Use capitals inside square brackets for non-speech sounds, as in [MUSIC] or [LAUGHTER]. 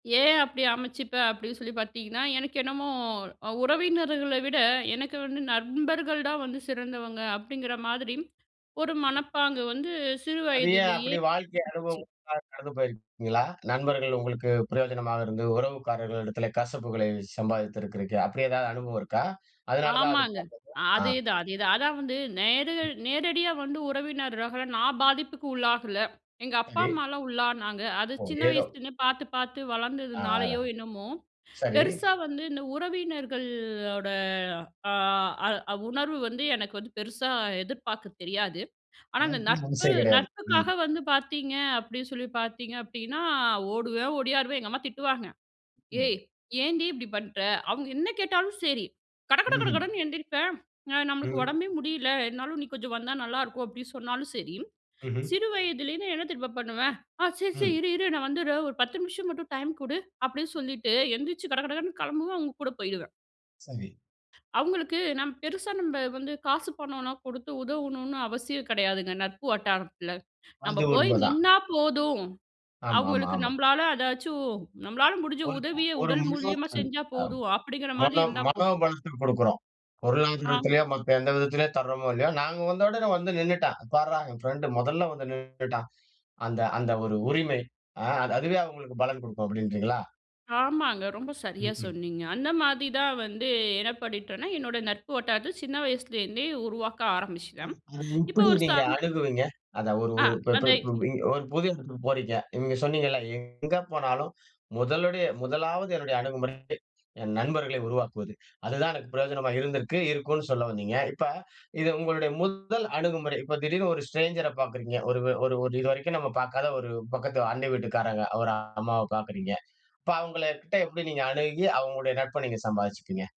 ஏன் அப்டி அமைச்சுப்பேன் அப்டின்னு சொல்லி பாத்தீங்கன்னா, எனக்கு என்னமோ அ ''உறவினர்கள விட எனக்கு வந்து நண்பர்கள் தான் வந்து சிறந்தவங்க'' அப்டிங்கிற மாதிரி ஒரு மனப்பாங்கு வந்து சிறு அது ஏன்? வயதுலயே அப்படி வாழ்க்கை அனுபவம் ஏற்பட்டுச்சு. ஊடாக கடந்து போயிருக்கீங்களா? நண்பர்கள் உங்களுக்கு பிரயோஜனமாக இருந்து, உறவுக்காரர்களிடத்தில கசப்புகளை சம்பாதித்திருக்குறீகளா? அப்டி ஏதாவது அனுபவம் இருக்கா? அதனால தான் அது. ஆமாங்க. [UNINTELLIGIBLE] ஆ. அதேதான் அதேதான் அதான் வந்து ம். நேர்ல நேரடியா வந்து உறவினர்களால நான் பாதிப்புக்கு உள்ளாகல. எங்க அப்பா சரி. அம்மாலாம் உள்ளானாங்க. அது ஒ! சின்ன ஏதோ. வயசுலருந்தே பாத்து பாத்து ஆ ஆ ர வளந்ததுனாலயோ, என்னமோ, சரி. பெருசா வந்து இந்த உறவினர்களோட ஆ அ உணர்வு வந்து எனக்கு வந்து, பெருசா எதிர்பாக்கத் தெரியாது. ஆனா, அந்த [UNINTELLIGIBLE] மனசே நட்பு கிடையாது. ம். நட்புக்காக வந்து பாத்தீங்க அப்டின்னு சொல்லி பார்த்தீங்க அப்டின்னா, ஓடுவேன் ஓடியாருவேன். எங்க அம்மா திட்டுவாங்க ம். ''ஏய் ஏன்டி இப்படி பண்ணுற?'' அவுங்க என்ன கேட்டாலும் செரி. கட கட கட ம்ஹம். கடன்னு எந்திரிப்பேன். அ நம்மளுக்கு ம். உடம்பே முடியல, என்னாலும் நீ கொஞ்சம் வந்தா நல்லாருக்கும் அப்டின்னு சொன்னாலும் சரி, ம்ஹ்ம். சிறு வயதுலேருந்து என்ன தெரியுமா பண்ணுவேன்? "ஆ சரி சரி, ம். இரு இரு நான் வந்திட்றேன் ஒரு 10 நிமிஷம் மட்டும் டைம் குடு'' அப்டின்னு சொல்லிட்டு எந்திரிச்சு கட கட கடன்னு கிளம்புவேன், அவுங்க கூட போயிடுவேன். சரி. அவுங்களுக்கு, நாம் பெருசா நம்ப வந்து காசு பணம்லாம் கொடுத்து உதவணுன்னு அவசியம் கிடையாதுங்க, நட்பு வட்டாரத்தில. நம்ப அது போயி உண்மதான். நின்னா போதும். ஆமா ஆமா அவுங்களுக்கு ஆமா. நம்பளால அதாச்சும், நம்பளால முடிஞ்ச ஒரு உதவிய ஒரு உடல் மூலியமா [UNINTELLIGIBLE] செஞ்சா அ அ போதும். அப்டிங்கிற மாதி மனோ இருந்தா போதும். மனோபலத்தை கொடுக்கிறோம். ஆமா. பொருளாதாரத்திலையோ, மத்த எந்த விதத்திலேயோ தர்றோமோ இல்லையோ, "நாங்க வந்த உடனே வந்து நின்னுட்டா! பாருடா என் பிரெண்ட்டு மொதல்ல வந்து நின்னுட்டான்" அந்த அந்த ஒரு உரிமை அ அது அதுவே அவுங்களுக்கு பலன் குடுக்கும் அப்டீன்றீங்களா? ஆமாங்க. ரொம்ப சரியா ம்ஹ்ம். சொன்னீங்க. அந்த மாதி தான் வந்து, என்ன பண்ணீட்டோம்னா, என்னோட நட்பு வட்டாரத்த சின்ன வயசுலேருந்தே உருவாக்க அது ஆரம்பிச்சுட்டேன். அது இப்ப எப்படி ஒரு நீங்க சப் அணுகுவீங்க? அத ஒரு ஆ ஒரு ப்ப அந்த பரு 1 புது எடத்துக்கு போறீங்க. நீங்க சொன்னீங்கல்ல, எங்க போனாலும், முதலுடைய முதலாவது என்னுடைய அணுகுமுறை என் நண்பர்களை உருவாக்குவது. அதுதான் எனக்கு பிரயோஜனமா இருந்திருக்கு இருக்குன்னு சொல்ல வந்தீங்க. இப்போ இது உங்களுடைய முதல் அணுகுமுறை. இப்போ திடீர்னு ஒரு ஸ்ட்ரேஞ்சர பாக்குறீங்க. ஒரு ஒரு ஒரு இது வரைக்கும் நம்ம பாக்காத ஒரு பக்கத்து அண்டை வீட்டுக்காரங்க, ஒரு அம்மாவை பாக்குறீங்க. இப்போ அவுங்களகிட்ட எப்டி நீங்க அணுகி, அவுங்களுடைய நட்பை நீங்க சம்பாதிச்சுப்பீங்க?